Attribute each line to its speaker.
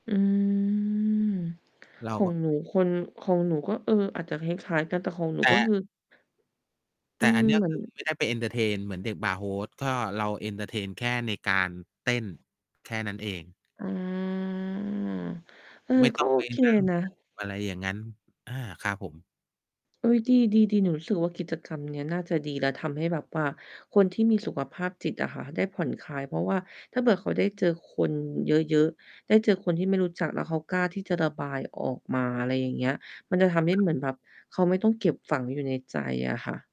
Speaker 1: อืม
Speaker 2: เร
Speaker 1: ข
Speaker 2: า
Speaker 1: อ
Speaker 2: ก
Speaker 1: ง
Speaker 2: ็
Speaker 1: หนูคน ของหนูก็ เออ อาจจะคล้าย ๆ กันแต่ของหนู
Speaker 2: แต
Speaker 1: ก็ค
Speaker 2: ่
Speaker 1: ือ อ
Speaker 2: แ
Speaker 1: ื
Speaker 2: ต่อ
Speaker 1: ม
Speaker 2: ัน เนี้ย
Speaker 1: เหมื
Speaker 2: ค
Speaker 1: อน
Speaker 2: ือ ไม่ได้ไปเอนเทอร์เทนเหมือนเด็กบาร์โฮส ก็ เราเอนเทอร์เทนแค่ในการเต้นแค่นั้นเอง
Speaker 1: อา เอ
Speaker 2: ไ
Speaker 1: อ
Speaker 2: ม่
Speaker 1: ก
Speaker 2: ต้
Speaker 1: ็
Speaker 2: อง
Speaker 1: โอ
Speaker 2: ไป
Speaker 1: เค
Speaker 2: นั่ง
Speaker 1: นะ
Speaker 2: อะไรอย่างงั้น อา ครับผม
Speaker 1: เฮ้ย ดี ๆ ๆ หนูรู้สึกว่า กิจกรรมเนี้ยน่าจะดีแล้ว ทำให้แบบว่าคนที่มีสุขภาพจิตอะค่ะ ได้ผ่อนคลาย เพราะว่าถ้าเกิดเขาได้เจอคนเยอะ ๆ ได้เจอคนที่ไม่รู้จัก แล้วเขากล้าที่จะระบายออกมา อะไรอย่างเงี้ย มันจะทำให้
Speaker 2: ครั
Speaker 1: เ
Speaker 2: บ
Speaker 1: หมือน
Speaker 2: ผม
Speaker 1: แบบเขาไม่ต้องเก็บฝังอยู่ในใจอะค่ะ